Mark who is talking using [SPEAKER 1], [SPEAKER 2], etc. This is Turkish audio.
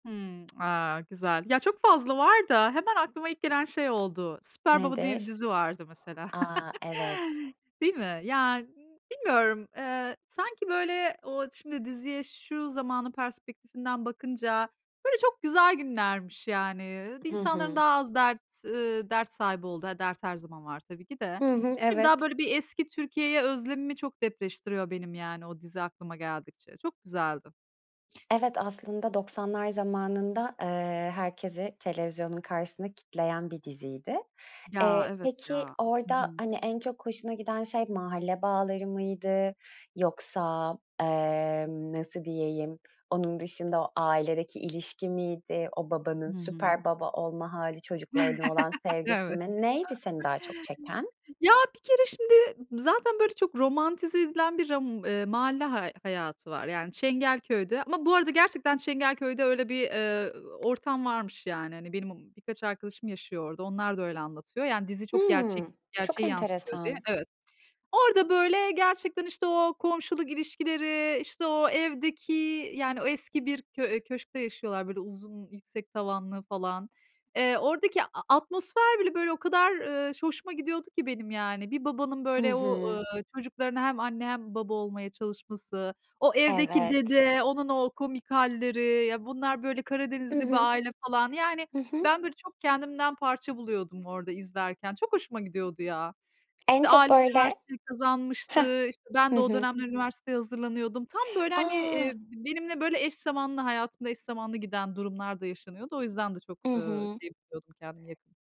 [SPEAKER 1] Hımm. A, Güzel. Ya çok fazla var da, hemen aklıma ilk gelen şey oldu. Süper Baba diye
[SPEAKER 2] Nedir?
[SPEAKER 1] bir dizi vardı mesela.
[SPEAKER 2] A! Evet.
[SPEAKER 1] Değil mi? Ya, b bilmiyorum. Eee, sanki böyle o şimdi diziye şu zamanın perspektifinden bakınca, böyle çok güzel günlermiş yani. Iıı, d
[SPEAKER 2] Hı
[SPEAKER 1] insanların
[SPEAKER 2] hı.
[SPEAKER 1] daha az dert, ııı, dert sahibi olduğu, ha dert her zaman var tabii ki de. Ne
[SPEAKER 2] I hı,
[SPEAKER 1] bileyim, daha
[SPEAKER 2] evet.
[SPEAKER 1] böyle bir eski Türkiye'ye özlemimi çok depreştiriyor benim, yani, o dizi aklıma geldikçe. Çok güzeldi.
[SPEAKER 2] Evet, aslında 90'lar zamanında, eee, herkesi televizyonun karşısında kilitleyen bir diziydi.
[SPEAKER 1] Ya,
[SPEAKER 2] Eee,
[SPEAKER 1] evet,
[SPEAKER 2] peki,
[SPEAKER 1] ya. Hı
[SPEAKER 2] orada
[SPEAKER 1] hı.
[SPEAKER 2] hani en çok hoşuna giden şey mahalle bağları mıydı yoksa, emm, nasıl diyeyim onun dışında o ailedeki ilişki miydi, o babanın
[SPEAKER 1] Hı hı.
[SPEAKER 2] süper baba olma hâli çocuklarına olan sevgisi
[SPEAKER 1] Evet.
[SPEAKER 2] mi? Neydi seni daha çok çeken?
[SPEAKER 1] Ya, bir kere şimdi zaten böyle çok romantize edilen bir, ram eee, mahalle hay hayatı var. Yani, Çengelköy'de ama bu arada gerçekten Çengelköy'de öyle bir, eee, ortam varmış yani. Hani, benim, m birkaç arkadaşım yaşıyor orada, onlar da öyle anlatıyor. Yani, dizi çok gerçek
[SPEAKER 2] Hımm, çok
[SPEAKER 1] gerçeği yansıtıyor diye.
[SPEAKER 2] enteresan.
[SPEAKER 1] Evet. Orada böyle gerçekten işte o komşuluk ilişkileri, işte o evdeki, yani o eski bir kö eee, köşkte yaşıyorlar. Böyle uzun, yüksek tavanlı falan. Eee, oradaki a atmosfer bile böyle o kadar, ııı, ş hoşuma gidiyordu ki benim yani. Bir babanın
[SPEAKER 2] Hı
[SPEAKER 1] böyle o,
[SPEAKER 2] hı.
[SPEAKER 1] ııı, çocuklarına hem anne hem baba olmaya çalışması, o evdeki
[SPEAKER 2] Evet.
[SPEAKER 1] dede, onun o komik halleri, ya bunlar böyle
[SPEAKER 2] I
[SPEAKER 1] Karadenizli bir
[SPEAKER 2] hı.
[SPEAKER 1] aile falan, yani
[SPEAKER 2] Hı hı.
[SPEAKER 1] ben böyle çok kendimden parça buluyordum orada izlerken. Çok hoşuma gidiyordu ya.
[SPEAKER 2] En
[SPEAKER 1] İşte,
[SPEAKER 2] çok
[SPEAKER 1] Alim
[SPEAKER 2] böyle.
[SPEAKER 1] üniversiteyi
[SPEAKER 2] Hıh.
[SPEAKER 1] kazanmıştı. İşte, ben
[SPEAKER 2] Hı
[SPEAKER 1] de o
[SPEAKER 2] hı.
[SPEAKER 1] dönemler üniversiteye hazırlanıyordum. Tam böyle hani, eee,
[SPEAKER 2] A!
[SPEAKER 1] benimle böyle eş zamanlı, hayatımda eş zamanlı giden durumlar da yaşanıyordu. O yüzden de çok,
[SPEAKER 2] I
[SPEAKER 1] ııı,
[SPEAKER 2] hı.
[SPEAKER 1] şey buluyordum kendimi yakın.